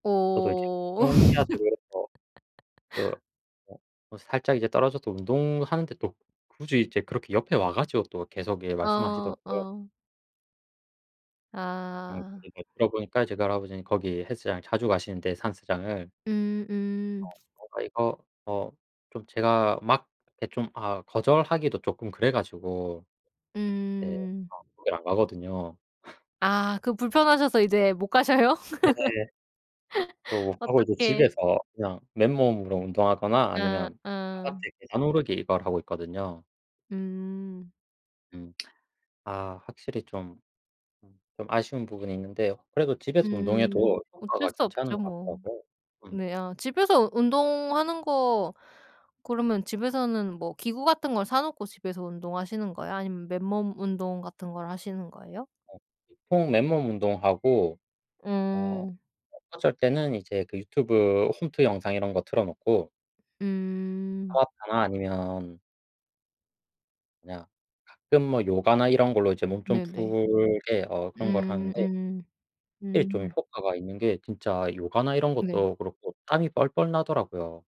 저도 이제 어. 운동해야 되고 이래서 그 어 어 살짝 이제 떨어져도 운동하는데 또 굳이 이제 그렇게 옆에 와 가지고 또 계속 예 어. 말씀하시더라고요. 어. 음 아. 그리고 들어 보니까 이제 그 할아버지는 거기 헬스장을 자주 가시는데 산스장을 음 음. 어 뭔가 이거 어 좀 제가 막 이렇게 좀 아우 거절하기도 쪼끔 그래 가지고 예 음. 어 거기를 안 가거든요. 아. 그럼 불편하셔서 이제 못 가셔요? 네네. [unintelligible] 하고 이제 어떡해. 집에서 그냥 맨몸으로 운동하거나 어. 아니면 어. 바깥에 계단 오르기 이걸 하고 있거든요. 음. 음. 아 확실히 좀 음 좀 아쉬운 부분이 있는데요. 그래도 집에서 음. 운동해도 어쩔 효과가 수 괜찮은 없죠 것 뭐. 같더라고요. 음. 네 아 집에서 운동하는 거 그러면 집에서는 뭐 기구 같은 걸 사 놓고 집에서 운동하시는 거예요? 아니면 맨몸 운동 같은 걸 하시는 거예요? 어. 보통 맨몸 운동하고 어 음. 어쩔 때는 이제 그 유튜브 홈트 영상 이런 거 틀어 놓고 음. 타바타나 아니면 그냥 가끔 뭐 요가나 이런 걸로 이제 몸 좀 네네. 풀게 어 그런 걸 음 하는데 음. 예 좀 음. 효과가 있는 게 진짜 요가나 이런 네. 것도 그렇고 땀이 뻘뻘 나더라고요.